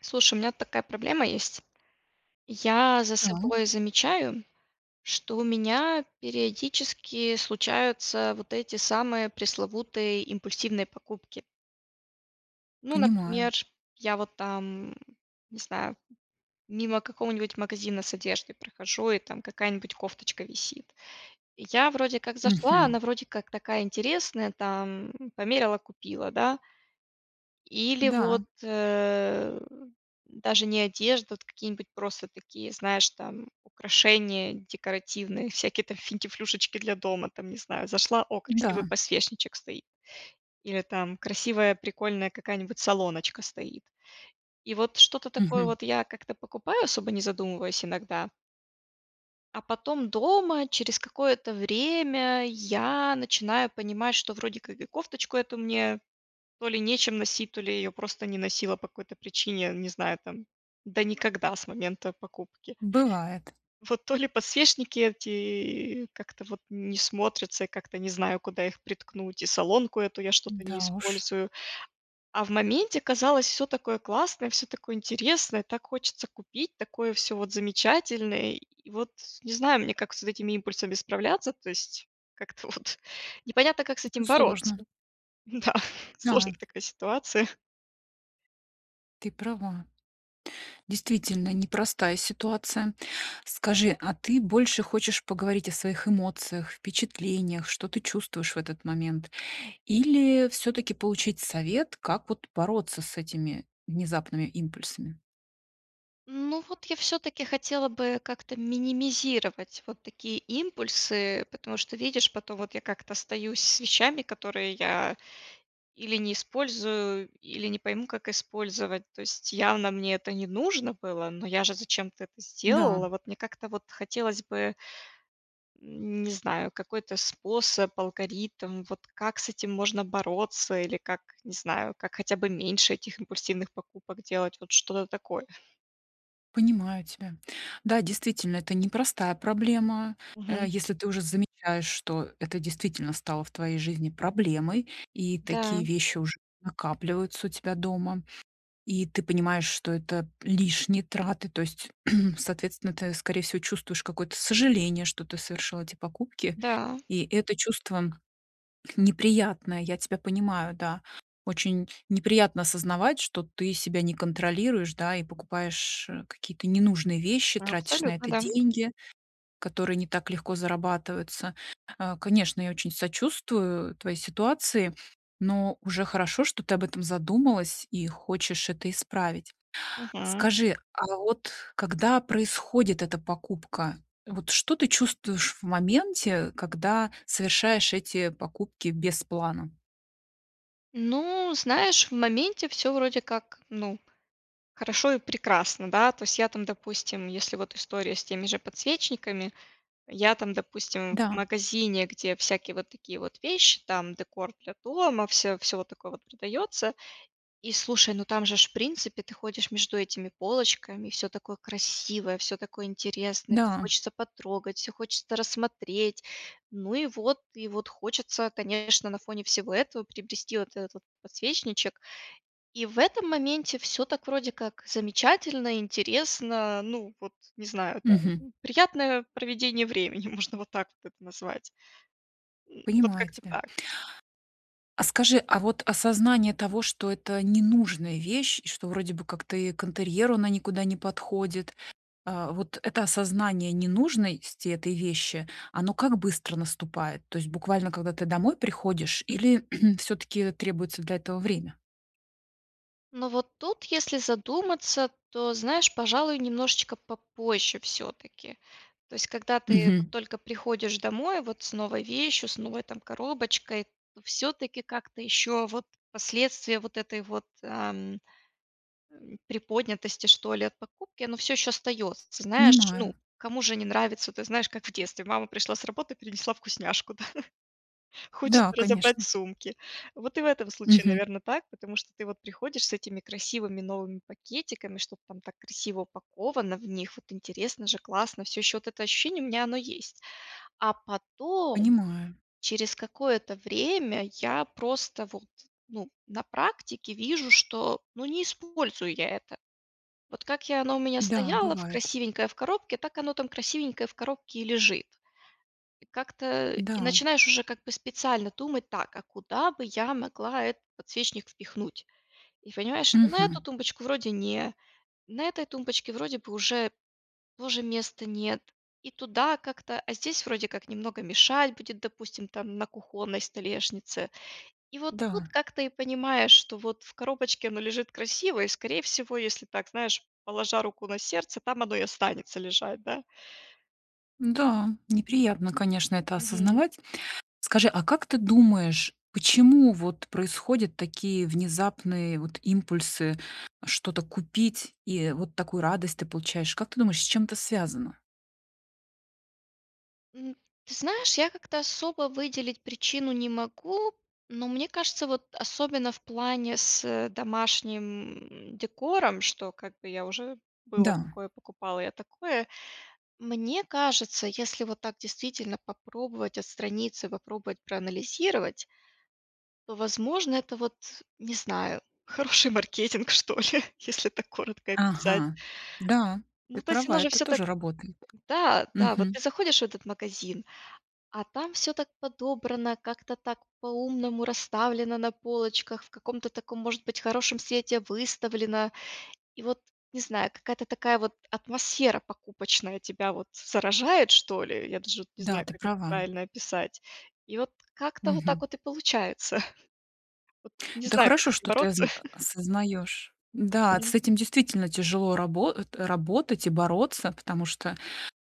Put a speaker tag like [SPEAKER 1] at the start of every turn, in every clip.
[SPEAKER 1] Слушай, у меня такая проблема есть. Я за
[SPEAKER 2] Так.
[SPEAKER 1] собой замечаю, что у меня периодически случаются вот эти самые пресловутые импульсивные покупки. Ну,
[SPEAKER 2] Понимаю.
[SPEAKER 1] например, я, вот, там, м, не знаю, мимо какого-нибудь магазина с одеждой прохожу, и там какая-нибудь кофточка висит. Я, вроде как, зашла,
[SPEAKER 2] Мгм.
[SPEAKER 1] она, вроде как, такая интересная, там, померила, купила, да. Или вот,
[SPEAKER 2] Да.
[SPEAKER 1] э, даже не одежда, а вот какие-нибудь просто такие, знаешь, там, украшения декоративные, всякие, там, финтифлюшечки для дома, там, не знаю. Зашла: "О, красивый
[SPEAKER 2] Да.
[SPEAKER 1] подсвечничек стоит". Или, там, красивая, прикольная какая-нибудь солоночка стоит. И вот что-то такое,
[SPEAKER 2] Мгм.
[SPEAKER 1] вот, я как-то покупаю, особо не задумываясь иногда. А потом дома, через какое-то время, я начинаю понимать, что вроде как и кофточку эту мне, то ли нечем носить, то ли я её просто не носила по какой-то причине, я не знаю, там, да никогда с момента покупки.
[SPEAKER 2] Бывает.
[SPEAKER 1] Вот то ли подсвечники эти как-то, вот, не смотрятся, и как-то не знаю, куда их приткнуть, и солонку эту я что-то не
[SPEAKER 2] Да уж.
[SPEAKER 1] использую. А в моменте казалось: всё такое классное, всё такое интересное, так хочется купить, такое всё, вот, замечательное, и вот, не знаю, мне как с вот этими импульсами справляться, то есть как-то вот непонятно, как с
[SPEAKER 2] Это
[SPEAKER 1] этим бороться.
[SPEAKER 2] сложно.
[SPEAKER 1] Да, сложная
[SPEAKER 2] Да.
[SPEAKER 1] это такая ситуация.
[SPEAKER 2] Ты права. Действительно, непростая ситуация. Скажи, а ты больше хочешь поговорить о своих эмоциях, впечатлениях, что ты чувствуешь в этот момент? Или всё-таки получить совет, как, вот, бороться с этими внезапными импульсами?
[SPEAKER 1] Ну, вот я всё-таки хотела бы как-то минимизировать вот такие импульсы, потому что, видишь, потом вот я как-то остаюсь с вещами, которые я или не использую, или не пойму, как использовать. То есть явно мне это не нужно было, но я же зачем-то это
[SPEAKER 2] Да.
[SPEAKER 1] сделала, вот, мне как-то, вот хотелось бы м, не знаю, какой-то способ, алгоритм, вот как с этим можно бороться, или как, не знаю, как хотя бы меньше этих импульсивных покупок делать. Вот что-то такое.
[SPEAKER 2] Понимаю тебя. Да, действительно, это непростая проблема. Э,
[SPEAKER 1] Мгм.
[SPEAKER 2] если ты уже замечаешь, что это действительно стало в твоей жизни проблемой, и
[SPEAKER 1] Да.
[SPEAKER 2] такие вещи уже накапливаются у тебя дома, и ты понимаешь, что это лишние траты. То есть, соответственно, ты, скорее всего, чувствуешь какое-то сожаление, что ты совершила эти покупки.
[SPEAKER 1] Да.
[SPEAKER 2] И это чувство неприятное, я тебя понимаю, да. Очень неприятно осознавать, что ты себя не контролируешь, да, и покупаешь, э, какие-то ненужные вещи, тратишь на
[SPEAKER 1] Абсолютно,
[SPEAKER 2] это
[SPEAKER 1] да.
[SPEAKER 2] деньги, которые не так легко зарабатываются. А, конечно, я очень сочувствую твоей ситуации, но уже хорошо, что ты об этом задумалась и хочешь это исправить.
[SPEAKER 1] Мгм.
[SPEAKER 2] Скажи, а вот когда происходит эта покупка, вот что ты чувствуешь в моменте, э, когда совершаешь эти покупки без плана?
[SPEAKER 1] Ну, знаешь, в моменте всё вроде как, ну, хорошо и прекрасно, да. То есть я там, допустим, если вот история с теми же подсвечниками, я там, допустим, в
[SPEAKER 2] Да.
[SPEAKER 1] магазине, где всякие вот такие вот вещи, там декор для дома, всё, всё вот такое вот продается, и слушай, ну там же ж в принципе ты ходишь между этими полочками, и всё такое красивое, всё такое интересное, всё
[SPEAKER 2] Да.
[SPEAKER 1] хочется потрогать, всё хочется рассмотреть. Ну и вот, и вот хочется, конечно, на фоне всего этого приобрести вот этот вот подсвечничек, и в этом моменте всё так вроде как замечательно, интересно, ну вот, не знаю
[SPEAKER 2] Мгм.
[SPEAKER 1] там, приятное проведение времени, можно вот так вот это назвать. М, вот
[SPEAKER 2] Понимаю
[SPEAKER 1] как-то
[SPEAKER 2] тебя.
[SPEAKER 1] так.
[SPEAKER 2] А скажи, а вот осознание того, что это ненужная вещь и что вроде бы как-то и к интерьеру она никуда не подходит, а, вот это осознание ненужности этой вещи, оно как быстро наступает? То есть буквально когда ты домой приходишь, или всё-таки требуется для этого время?
[SPEAKER 1] Ну, вот тут, если задуматься, то знаешь, пожалуй, немножечко попозже всё-таки, то есть когда ты вот
[SPEAKER 2] Мгм.
[SPEAKER 1] только приходишь домой вот с новой вещью, с новой там коробочкой, то всё-таки как-то ещё вот последствия вот этой вот, ам, м, приподнятости, что ли, от покупки, оно всё ещё остаётся. Знаешь,
[SPEAKER 2] Понимаю.
[SPEAKER 1] ну, кому же не нравится? Ты знаешь, как в детстве: "Мама пришла с работы принесла вкусняшку". Да, хочется
[SPEAKER 2] Да,
[SPEAKER 1] разобрать
[SPEAKER 2] конечно.
[SPEAKER 1] сумки. Вот и в этом случае,
[SPEAKER 2] Мгм.
[SPEAKER 1] наверно, так, потому что ты вот приходишь с этими красивыми новыми пакетиками, что-то там так красиво упаковано в них, вот интересно же, классно, всё ещё вот это ощущение у меня оно есть. А потом,
[SPEAKER 2] Понимаю.
[SPEAKER 1] через какое-то время я просто вот, ну, на практике вижу, что, ну, не использую я это. Вот как я и оно у меня
[SPEAKER 2] Да,
[SPEAKER 1] стояло в
[SPEAKER 2] бывает.
[SPEAKER 1] красивенькое в коробке, так оно там красивенькое в коробке и лежит. И как-то, э, и
[SPEAKER 2] Да.
[SPEAKER 1] начинаешь уже как бы специально думать: "Так, а куда бы я могла этот подсвечник впихнуть?". И понимаешь, что на эту
[SPEAKER 2] Мгм.
[SPEAKER 1] тумбочку вроде не, на этой тумбочке вроде бы уже тоже места нет, и туда как-то, а здесь вроде как немного мешать будет, допустим, там на кухонной столешнице. И вот тут
[SPEAKER 2] Да.
[SPEAKER 1] как-то и понимаешь, что вот в коробочке оно лежит красиво и, скорее всего, если так, знаешь, положа руку на сердце, там оно и останется лежать, да.
[SPEAKER 2] Да, неприятно, конечно, это
[SPEAKER 1] Мгм.
[SPEAKER 2] осознавать. Скажи, а как ты думаешь, почему вот происходят такие внезапные вот импульсы что-то купить, и вот такую радость ты получаешь? Как ты думаешь, с чем это связано?
[SPEAKER 1] М, ты знаешь, я как-то особо выделить причину не могу, но, мне кажется, вот особенно в плане с домашним, м, декором, что как бы я уже было
[SPEAKER 2] Да.
[SPEAKER 1] такое, покупала я такое, мне кажется, если вот так действительно попробовать отстраниться, попробовать проанализировать то, возможно, это вот, не знаю, хороший маркетинг что ли, если так коротко описать.
[SPEAKER 2] Ага, да, ты
[SPEAKER 1] Ну, то есть
[SPEAKER 2] права,
[SPEAKER 1] оно же
[SPEAKER 2] это
[SPEAKER 1] всё так,
[SPEAKER 2] тоже работает.
[SPEAKER 1] да, да, вот
[SPEAKER 2] Мгм.
[SPEAKER 1] ты заходишь в этот магазин, а там всё так подобрано, как-то так по-умному расставлено на полочках, в каком-то таком, может быть, хорошем свете выставлено. И вот, не знаю, какая-то такая вот атмосфера покупочная тебя вот заражает что ли, я даже вот не
[SPEAKER 2] Да,
[SPEAKER 1] знаю,
[SPEAKER 2] ты
[SPEAKER 1] как это
[SPEAKER 2] права.
[SPEAKER 1] правильно описать, и вот как-то вот так
[SPEAKER 2] Мгм.
[SPEAKER 1] вот и получается. Вот, э, не
[SPEAKER 2] Это
[SPEAKER 1] знаю, как
[SPEAKER 2] хорошо,
[SPEAKER 1] с этим
[SPEAKER 2] что ты
[SPEAKER 1] бороться.
[SPEAKER 2] озн осознаёшь. Да, с
[SPEAKER 1] М.
[SPEAKER 2] этим действительно тяжело рабо э, работать и бороться, потому что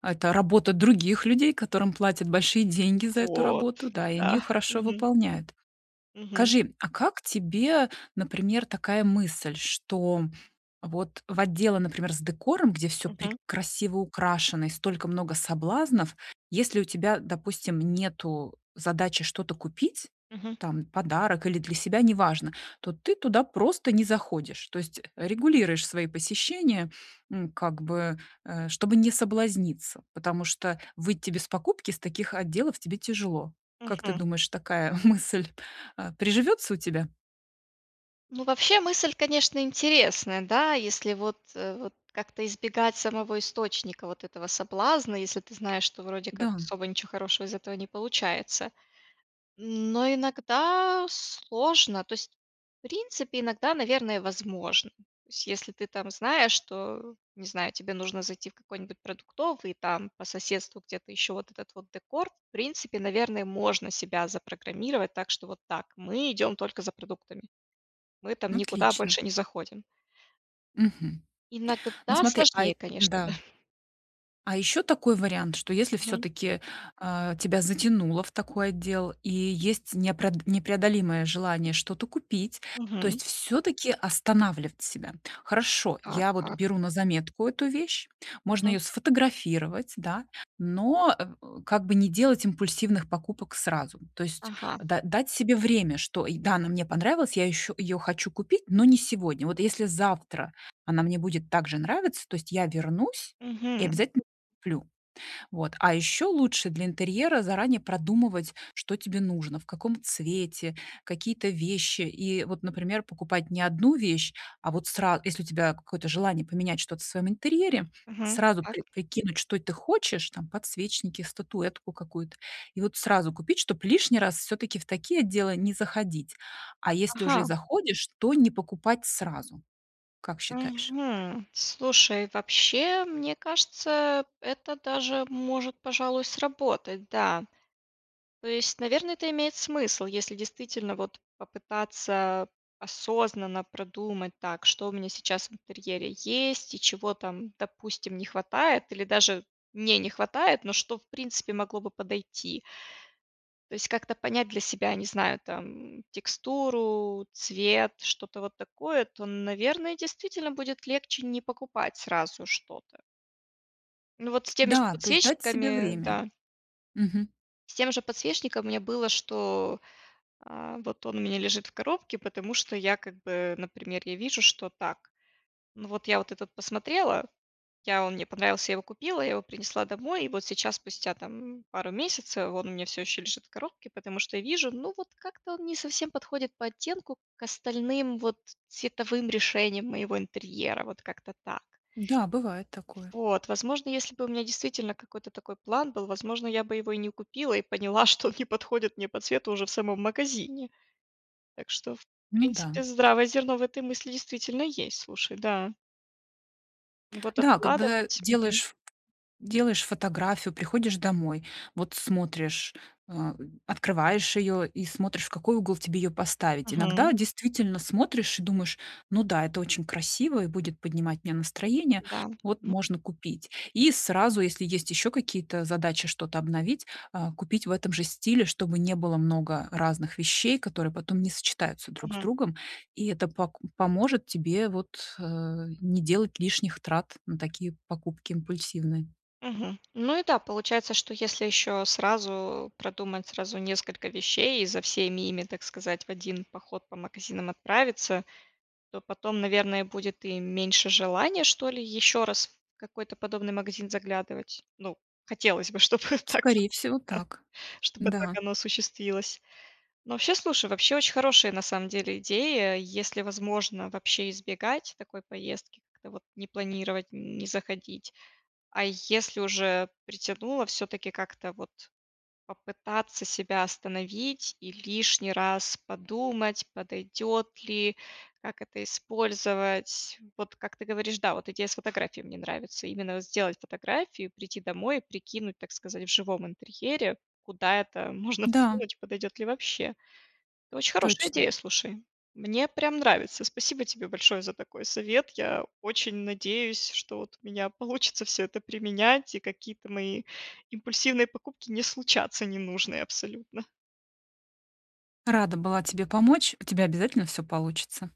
[SPEAKER 2] это работа других людей, которым платят большие деньги за эту
[SPEAKER 1] Вот,
[SPEAKER 2] работу, да, и они её
[SPEAKER 1] да,
[SPEAKER 2] хорошо
[SPEAKER 1] мгм.
[SPEAKER 2] выполняют.
[SPEAKER 1] Мгм.
[SPEAKER 2] Скажи, а как тебе, например, такая мысль, что вот в отделы, например, с декором, где всё прек
[SPEAKER 1] Мгм.
[SPEAKER 2] красиво украшено и столько много соблазнов, если у тебя, э, допустим, нету задачи что-то купить,
[SPEAKER 1] Мгм.
[SPEAKER 2] там подарок или для себя, неважно, то ты туда просто не заходишь. То есть, э, регулируешь свои посещения, м, как бы, э, чтобы не соблазниться, потому что выйти без покупки с таких отделов тебе тяжело. Как ты
[SPEAKER 1] Мгм.
[SPEAKER 2] думаешь, такая мысль, а, приживётся у тебя?
[SPEAKER 1] Ну, вообще мысль, конечно, интересная, да, если вот, вот как-то избегать самого источника вот этого соблазна, если ты знаешь, что вроде как
[SPEAKER 2] Да.
[SPEAKER 1] особо ничего хорошего из этого не получается. Но иногда сложно, то есть, в принципе, иногда, наверное, возможно. То есть если ты там знаешь, что, не знаю, тебе нужно зайти в какой-нибудь продуктовый и там по соседству где-то еще вот этот вот декор, в принципе, наверное, можно себя запрограммировать, так что вот так. Мы идем только за продуктами, мы там никуда
[SPEAKER 2] Отлично!
[SPEAKER 1] больше не заходим.
[SPEAKER 2] Мгм, ну
[SPEAKER 1] Иногда
[SPEAKER 2] смотри, а
[SPEAKER 1] сложнее,
[SPEAKER 2] й
[SPEAKER 1] конечно, да.
[SPEAKER 2] Да. А ещё такой вариант, что если
[SPEAKER 1] Мгм.
[SPEAKER 2] всё-таки, а, тебя затянуло в такой отдел и есть неопред непреодолимое желание что-то купить, то
[SPEAKER 1] Мгм.
[SPEAKER 2] есть всё-таки останавливать себя. Хорошо,
[SPEAKER 1] Так
[SPEAKER 2] я вот
[SPEAKER 1] как
[SPEAKER 2] беру на заметку эту вещь. Можно
[SPEAKER 1] Мгм.
[SPEAKER 2] её сфотографировать, да, но, м, как бы, не делать импульсивных покупок сразу. То есть
[SPEAKER 1] Ага.
[SPEAKER 2] да дать себе время, что, да, она мне понравилась, я еще, я её хочу купить, но не сегодня. Вот, если завтра она мне будет так же нравиться, то есть я вернусь и
[SPEAKER 1] Мгм.
[SPEAKER 2] обязательно куплю. Вот, а ещё лучше для интерьера заранее продумывать, что тебе нужно, в каком цвете, какие-то вещи. И вот, например, покупать не 1 вещь, а вот сра если у тебя какое-то желание поменять что-то в своем интерьере,
[SPEAKER 1] Мгм,
[SPEAKER 2] сразу при
[SPEAKER 1] так.
[SPEAKER 2] прикинуть, что ты хочешь, там подсвечники, статуэтку какую-то, и вот сразу купить, чтоб лишний раз всё-таки в такие отделы не заходить, а если уже и
[SPEAKER 1] Ага.
[SPEAKER 2] заходишь, то не покупать сразу. Как считаешь?
[SPEAKER 1] Мгм, слушай, вообще, мне кажется, это даже может, пожалуй, сработать, да. То есть, наверно, это имеет смысл, если действительно, вот, попытаться осознанно продумать, так что у меня сейчас в интерьере есть и чего там, допустим, не хватает или даже не не хватает, но что в принципе могло бы подойти. То есть как-то понять для себя, не знаю, там: м, текстуру, цвет, что-то вот такое, то, наверное, действительно будет легче не покупать сразу что-то. Ну вот, с теми же
[SPEAKER 2] Да, то есть дать себе
[SPEAKER 1] подсвечниками
[SPEAKER 2] время,
[SPEAKER 1] да.
[SPEAKER 2] мгм.
[SPEAKER 1] С тем же подсвечником у меня было, что, э, вот он у меня лежит в коробке, потому что я, как бы, например я вижу, что так Ну, вот это вот посмотрела, я он мне понравился, я его купила, я его принесла домой, и вот сейчас, спустя, там, пару месяцев, он у меня всё ещё лежит в коробке, потому что я вижу: ну, вот, как-то он не совсем подходит по оттенку к остальным, вот, цветовым решениям моего интерьера, вот как-то так.
[SPEAKER 2] Да, бывает такое.
[SPEAKER 1] Вот, возможно, если бы у меня действительно какой-то такой план был, возможно, я бы его и не купила и поняла, что он не подходит мне по цвету уже в самом магазине. Так что, в
[SPEAKER 2] Ну
[SPEAKER 1] принципе,
[SPEAKER 2] да.
[SPEAKER 1] здравое зерно в этой мысли действительно есть, слушай, да. Ну, вот
[SPEAKER 2] Да, когда ты
[SPEAKER 1] откладывать, мгм.
[SPEAKER 2] делаешь делаешь фотографию, приходишь домой, вот смотришь, а, открываешь её и смотришь, в какой угол тебе её поставить.
[SPEAKER 1] Мгм.
[SPEAKER 2] Иногда действительно смотришь и думаешь: "Ну да, это очень красиво и будет поднимать мне настроение.
[SPEAKER 1] Да.
[SPEAKER 2] Вот, можно купить". И сразу, если есть ещё какие-то задачи что-то обновить, а, купить в этом же стиле, чтобы не было много разных вещей, которые потом не сочетаются друг с
[SPEAKER 1] Мгм.
[SPEAKER 2] другом. И это пок поможет тебе вот, э, не делать лишних трат на такие покупки импульсивные.
[SPEAKER 1] Мгм. Ну и да, получается, что если ещё сразу продумать сразу несколько вещей и за всеми ими, так сказать, в один поход по магазинам отправиться, то потом, наверное, будет и меньше желания, что ли, ещё раз в какой-то подобный магазин заглядывать. Ну, хотелось бы, чтобы так вот,
[SPEAKER 2] Скорее всего
[SPEAKER 1] да,
[SPEAKER 2] так.
[SPEAKER 1] чтобы так
[SPEAKER 2] Да.
[SPEAKER 1] оно осуществилось. Ну вообще, слушай, вообще очень хорошая, на самом деле, идея. Если возможно вообще избегать такой поездки, как-то вот не планировать, не заходить. А если уже притянуло, всё-таки как-то вот попытаться себя остановить и лишний раз подумать, подойдет ли, как это использовать. Вот как ты говоришь, да, вот идея с фотографией мне нравится. Именно сделать фотографию, прийти домой, прикинуть, так сказать, в живом интерьере, куда это можно
[SPEAKER 2] Да.
[SPEAKER 1] всунуть, подойдет ли вообще. Очень хорошая
[SPEAKER 2] Точно.
[SPEAKER 1] идея, слушай. Мне прям нравится. Спасибо тебе большое за такой совет. Я очень надеюсь, что вот у меня получится всё это применять и какие-то мои импульсивные покупки не случатся ненужные абсолютно.
[SPEAKER 2] Рада была тебе помочь, у тебя обязательно всё получится.